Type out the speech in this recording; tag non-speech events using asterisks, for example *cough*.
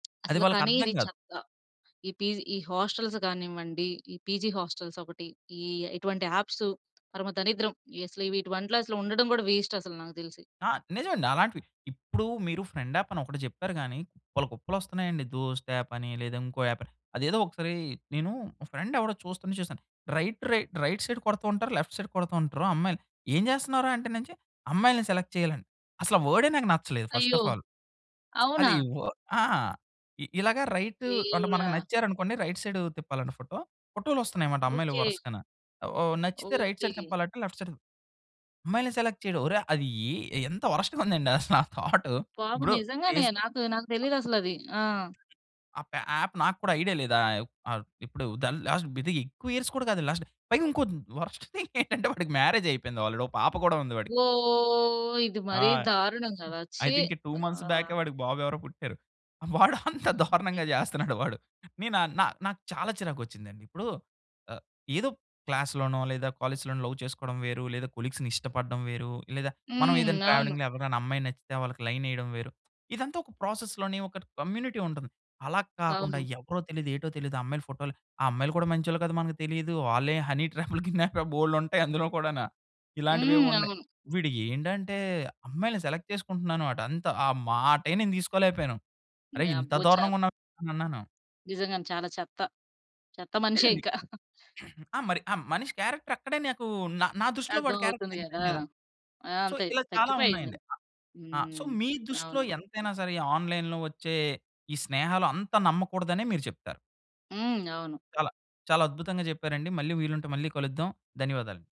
అది అసలు వాళ్ళకి కానీ, అర్థం ఇది కాదు. చెత్త. ఈ పీజీ ఈ హాస్టల్స్ కానివ్వండి, ఈ పీజీ హాస్టల్స్ ఒకటి. ఇ ఇటువంటి యాప్సు పరమ దరిద్రం. ఈ అసలు వీటివంట్లోసల ఉండడం కూడా వేస్ట్ అసలు, నాకు తెలిసి. ఆ! నిజమండి అలాంటివి. ఇప్పుడు మీరు ఫ్రెండ్ యాపని ఒకటి చెప్పారు గాని, కుప్పలు, కుప్పలు వొస్తున్నాయండి. దోస్ట్ యాపని, లేదా ఇంకో యాప్ అని, అదేదో ఒకసారి నేను మా ఫ్రెండ్ ఎవడో చూస్తుంటే చూసాను. రైట్, రైట్, రైట్ సైడ్ కొడుతుంటారు, లెఫ్ట్ సైడ్ కొడుతుంటారు అమ్మాయిలు ఏం జేస్తున్నావు రా? అంటే నుంచి, "అమ్మాయిల్ని సెలెక్ట్ చేయాలని" అసలా వర్డే నాకు నచ్చలేదు, ఫస్ట్ అయ్యో! Of all. *smacks lips* అవునా! అది వా ఆ! ఇ ఇలాగ రైట్ అంటే మనకు దేవుడా! నచ్చారనుకోండి, రైట్ సైడ్ తిప్పాలట ఫోటో. ఫోటోలు వొస్తున్నాయన్నమాట అమ్మాయిలు ఓకే. వరుసగాన. ఓ నచ్చితే రైట్ సైడ్ ఓకే. తిప్పాలంట లెఫ్ట్ సైడ్ తి అమ్మాయిలని సెలెక్ట్ చేయడం, ఓరే! అది ఏ ఎంత వర్స్ట్‌గా ఉందండి అసలా థౌటు *chuckles* బాబు ఇప్పుడు నిజంగానే ఫేస్‌బుక్ నాకు, నాకు అ! తెలియదసలది. ఆ! ఆ ప యాప్ నాకు కూడా ఐడియా లేదు ఆ యాప్. అర్ ఇప్పుడు ద లాస్ట్ ఇది ఎక్కువ ఇయర్స్ కూడా కాదు. లాస్ట్ పైగా ఇంకోటి వర్స్ట్ థింగ్ *chuckles* ఏంటంటే, వాడికి మ్యారేజ్ అయిపోయింది, ఆల్రెడీ ఒక పాప కూడా ఉంది వాడికి. ఓ ఇది ఆ! మరి దారుణం కదా! ఐ ఛీ. థింక్ 2 మంత్స్ ఆ! బ్యాకే వాడికి బాబు ఎవరో పుట్టారు. వాడు అంత హ్మ్. ఓకె. దారుణంగా జేస్తన్నాడు వాడు. నేను నా నా నాకు చాలా చిరాకొచ్చిందండి. ఇప్పుడు ఆహ్, ఏదో క్లాస్‌ లోనో, లేదా కాలేజ్‌లోనో, లవ్ చేసుకోవడం వేరు, లేదా కొలీగ్స్‌ని ఇష్టపడడం వేరు, లేదా మనం హ్మ్. ఏదైనా అవును. ట్రావెలింగ్‌లో ఎవరికైనా అమ్మాయి నచ్చితే, వాళ్ళకి లైన్ ఏయడం వేరు. ఇదంతా ఒక ప్రాసెస్‌ లోనే ఒక కమ్యూనిటీ ఉంటది. అలా కాకుండా అవును. ఎవరో తెలియదు? ఏటో తెలీదు? ఆ అమ్మాయిల ఫోటోలు, ఆ అమ్మాయిలు కూడా మంచోళ్ళొ కాదో మనకు తెలీదు. వాళ్ళే హనీ ట్రాప్‌లు‌, కిడ్నాప్ బోలేడుంటాయి అందులో కూడాన. హ్మ్. ఇలాంటివేవో ఉన్నాయి. అవును. వీడు ఏండంటే "అమ్మాయిలని సెలెక్ట్ చేసుకుంటున్నా‌ను" అట అంత, ఆ మాటే నేను తీసుకోలేకపోయాను. అరె! ఇంత అబ్బో! చా దారుణంగా ఉన్నావేంటనన్నాను. నిజంగానే చాలా చెత్త, చెత్త మనిషే లేదండి. ఇంకా. *chuckles* *clears throat* ఆ మరి ఆ మనిషి క్యారెక్టర్ అక్కడే నాకు నా నా దృష్టిలో అర్థం వాడి క్యారెక్టర్ అవుతుంది కదా! తగ్గిపోయింది కదా! ఆ! సో, అంతే ఇలా చాలా తగ్గిపోయింది. ఉన్నాయండి. అ! ఆహ్, సో, హ్మ్. మీ దృష్టిలో అవును. ఎంతైనా సరే, ఈ ఆన్‌లైన్‌లో వచ్చే ఈ స్నేహాలు అంత నమ్మకూడదనే మీరు చెప్తారు. హ్మ్. అవును. చాలా, చాలా అద్భుతంగా చెప్పారండి. మళ్ళీ వీలుంటే మళ్ళీ కలుద్దాం. ధన్యవాదాలు.